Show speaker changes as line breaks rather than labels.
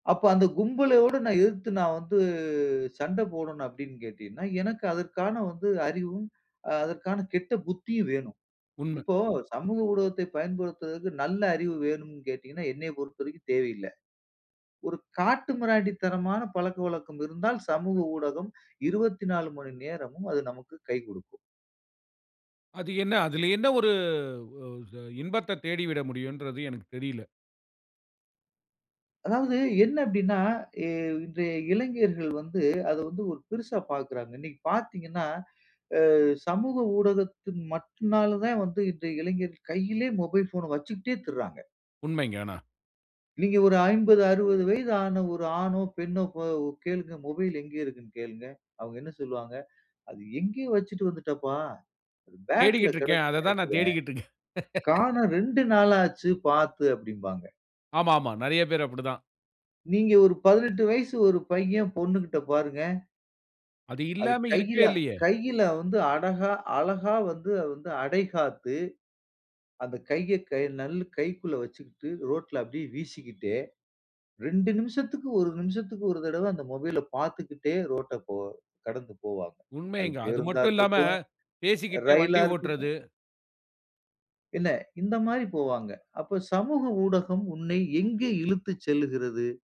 அப்போ அந்த கும்பலையோடு நான் எதிர்த்து நான் வந்து சண்டை போடணும் அப்படின்னு கேட்டீங்கன்னா, எனக்கு அதற்கான வந்து அறிவும். அதற்கான கெட்ட புத்தியும் வேணும்.
உண்ம.
இப்போ சமூக ஊடகத்தை பயன்படுத்துவதற்கு நல்ல அறிவு வேணும்ன்னு கேட்டீங்கன்னா, என்னை பொறுத்தவரைக்கும் தேவையில்ல. ஒரு காட்டுமிராண்டித்தனமான பழக்கவழக்கம் இருந்தால் சமூக ஊடகம் 24 மணி நேரமும் அது நமக்கு கை குடுக்கும்.
அது என்ன? அதில என்ன ஒரு இன்பத்தைத் தேடிவிட முடியுன்றது எனக்குத் தெரில.
அதாவது என்ன அப்டின்னா, இன்றைய இளைஞர்கள் வந்து அத வந்து ஒரு பெருசா பார்க்கறாங்க. இன்னைக்கு பார்த்தீங்கன்னா ஆ சமூக ஊடகத்தின் மட்டும் நால தான் வந்து இன்றைய இளைஞர்கள் கையிலேயே மொபைல் போன வச்சுக்கிட்டே திரிறாங்க.
உண்மைங்க ஆனா,
நீங்க ஒரு 50, 60 வயதான ஒரு ஆணோ பெண்ணோ கோ கேளுங்க. மொபைல் எங்க இருக்குன்னு கேளுங்க. அவங்க என்ன சொல்லுவாங்க? "அது எங்கேயோ வச்சுட்டு வந்துட்டப்பா. பேக்ல
தேடிக்கிட்டு இருக்கேன். அத
கிடக்கும்ன்னு
தான் நான்
நினைக்கிறேன்.
தேடிக்கிட்டு இருக்கேன்.
காணோம் 2 நாள் ஆச்சு பார்த்து." அப்படிம்பாங்க.
ஆமாமா. நிறைய பேர் அப்படி தான்.
நீங்க ஒரு 18 வயசு ஒரு பையன் பொண்ணுகிட்ட பாருங்க
அது
அது
இல்லாம
கையில
இருக்கே இல்லையே.
கையில வந்து அடகா அழகா வந்து அடைகாத்து அந்த கையை க நல்ல கைக்குள்ள வச்சுக்கிட்டு ரோட்ல அப்படியே வீசிக்கிட்டே 2 நிமிஷத்துக்கு 1 நிமிஷத்துக்கு ஒரு தடவ அந்த மொபைல்ல பார்த்துக்கிட்டே ரோட்ட போ கடந்து போவாங்க. அது
உண்மைங்க. அது
பேருந்தா
மட்டும் இல்லாம,
இருக்கட்டும்,
பேசிக்கிட்டே
ரயிலா
வண்டி
இருக்கட்டும்.
ஓட்டுறது.
என்ன இந்த மாதிரி போவாங்க. அப்போ சமூக ஊடகம் உன்னை எங்கே இழுத்துச் செல்லுகிறது?